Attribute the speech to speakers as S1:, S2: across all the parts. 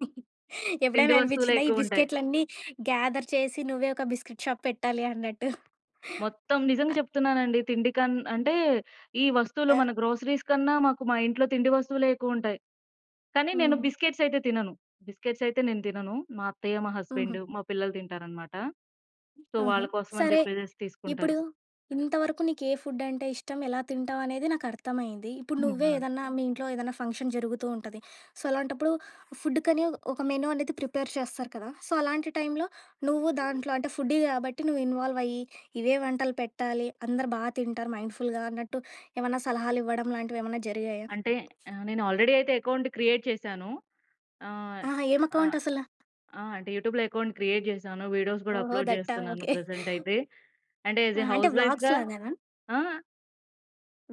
S1: తిండి
S2: ఎప్పుడేనా అనిపించిందా, ఈ
S1: వస్తువులెక్కువుంటాయి.
S2: బిస్కెట్లన్నీ గ్యాదర్ చేసి, నువ్వే ఒక బిస్కెట్ షాప్ పెట్టాలి అన్నట్టు?
S1: మొత్తం నిజంగ
S2: అ
S1: చెప్తున్నానండి. తిండికన్ అంటే, ఈ వస్తువులు
S2: ఆ!
S1: మన గ్రోసరీస్ కన్నా మాకు మా ఇంట్లో తిండి వస్తువులే ఎక్కువుంటాయి. కానీ, నేను
S2: హుహు.
S1: బిస్కెట్స్ ఐతే తినను. బిస్కెట్స్ ఐతే నేను తినను. మా అత్తయ్య మా
S2: హుహు.
S1: హస్బెండు మా పిల్లలు తింటారనమాట. సో,
S2: ఆహా!
S1: వాళ్ళ కోసం అని
S2: సరే.
S1: చెప్పేసేసి
S2: ఇప్పుడు
S1: తీసుకుంటారు.
S2: ఇంతవరకు నీకే ఫుడ్ అంటే ఇష్టం, ఎలా తింటావనేది నాకర్థమైంది. ఇప్పుడు
S1: హ్మ్.
S2: నువ్వే
S1: ఆ!
S2: ఏదన్నా మీ ఇంట్లో ఏదేనా ఫంక్షన్ జరుగుతూ ఉంటది. సో, అలాంటప్పుడు ఫుడ్‌కని ఒ ఒక మెనూ అనేది ప్రిపేర్ చేస్తారు కదా! సో, అలాంటి టైంలో, నువ్వు దాంట్లో అంటే ఫుడ్డీ కాబట్టి, నువ్వు ఇన్‌వాల్వ్ అయి, ఇవే వంటలు పెట్టాలి. అందరూ బా తింటారు మైండ్‌ఫుల్‌గా అన్నట్టు, ఏమన్నా సలహాలివ్వడంలాంటివేమన్నా జరిగాయా?
S1: అంటే ఆహ్, నేను ఆల్‌రెడీ అయితే ఎకౌంట్ క్రియేట్ చేశాను. ఆ!
S2: ఆహా!
S1: ఆహ్,
S2: ఏమకౌంట్ అసల?
S1: ఆ! అంటే, యూట్యూబ్‌లో ఎకౌంట్ క్రియేట్ చేశాను, వీడియోస్ కూడా
S2: ఓహో!
S1: అప్‌లోడ్
S2: దట్టా?
S1: చేస్తున్నాను
S2: ఓకే.
S1: ప్రజెంటైతే. అంటే యాజ్
S2: ఆ!
S1: ఎ
S2: అంటే,
S1: హౌస్
S2: వ్లాగ్స్‌
S1: వైఫ్‌గా
S2: లాగానా?
S1: ఆ!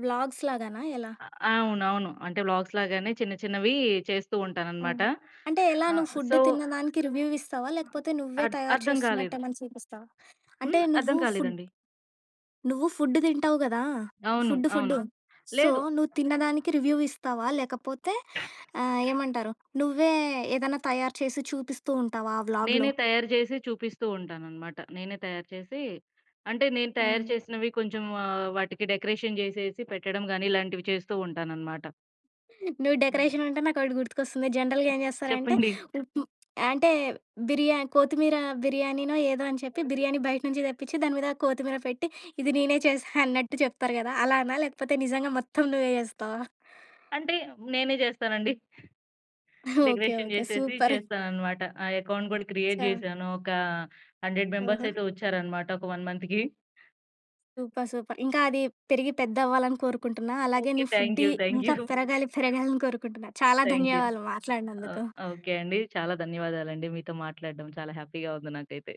S2: వ్లాగ్స్‌ లాగానా? ఎలా?
S1: అవునవును. అంటే వ్లాగ్స్‌ లాగానే చిన్న చిన్నవీ చేస్తూ
S2: ఆ!
S1: ఉంటాననమాట.
S2: అంటే ఎలా?
S1: ఆహ్,
S2: నువ్వు ఫుడ్
S1: సో
S2: తిన్నదానికి రివ్యూ వ్ ఇస్తావా? లేకపోతే నువ్వే
S1: అడ్
S2: తయారు
S1: అర్థం కాలేదు.
S2: చేస్తున్నట్టేమనా చూపిస్తావా? అంటే
S1: హ్మ్.
S2: నువ్వు ఫుడ్
S1: అర్థంకాలేదండి.
S2: నువ్వు ఫుడ్ తింటావు కదా!
S1: అవును,
S2: ఫుడ్డు
S1: అవును.
S2: ఫుడ్డు! సో,
S1: లేదు.
S2: నువ్వు తిన్నదానికి రివ్యూ ఇస్తావా? లేకపోతే ఆహ్, ఏమంటారు! నువ్వే ఏదేనా తయారు చేసి చూపిస్తూ ఉంటావా ఆ వ్లాగ్‌లో?
S1: నేనే తయారు చేసి చూపిస్తూ ఉంటాననమాట. నేనే తయారు చేసి అంటే నేను తయారు
S2: ఆ!
S1: చేసినవి కొంచెం ఆహ్, వాటికి డెకరేషన్ జేసేసి పెట్టడం గానీ, ఇలాంటివి చేస్తూ ఉంటాననమాట.
S2: నువ్వు
S1: హ్మ్.
S2: డెకరేషనంటే నాకొకటి గుర్తుకొస్తుంది. జనరల్‌గా ఏం చేస్తారంటే,
S1: చెప్పండి.
S2: అంటే బిర్యానీ, కోత్తిమీర బిర్యానీనో ఏదో అని చెప్పి బిర్యానీ బయట నుంచి తెప్పించి, దాని మీద కోతిమీర పెట్టి, ఇది నీనే చేశా అన్నట్టు చెప్తారు కదా! అలానా? లేకపోతే నిజంగా మొత్తం నువ్వే చేస్తావా?
S1: అంటే, నేనే చేస్తానండి.
S2: ఓకే.
S1: Decoration
S2: okay.
S1: జేసేసి
S2: సూపర్!
S1: చేస్తాననమాట. ఆ ఎకౌంట్ కూడా క్రియేట్
S2: ఛ!
S1: జేశాను, ఒక 100 మెంబర్స్
S2: ఓహో!
S1: ఐతే వచ్చారనమాట ఒక 1 మంత్‌కి.
S2: Super, super! ఇంకా అది పెరిగి పెద్దవ్వాలని కోరుకుంటున్నా. అలాగే
S1: ఓకే.
S2: నీ ఫుడ్డి
S1: థాంక్యూ. థాంక్యూ.
S2: ఇంకా పెరగాలి, పెరగాలని కోరుకుంటున్నా. చాలా
S1: థాంక్యూ.
S2: ధన్యవాదాలు
S1: ఆహ్,
S2: మాట్లాడినందుకు.
S1: ఆహ్, ఓకే అండి. చాలా ధన్యవాదాలండి. మీతో మాట్లాడడం చాలా హ్యాపీగా ఉంది నాకైతే.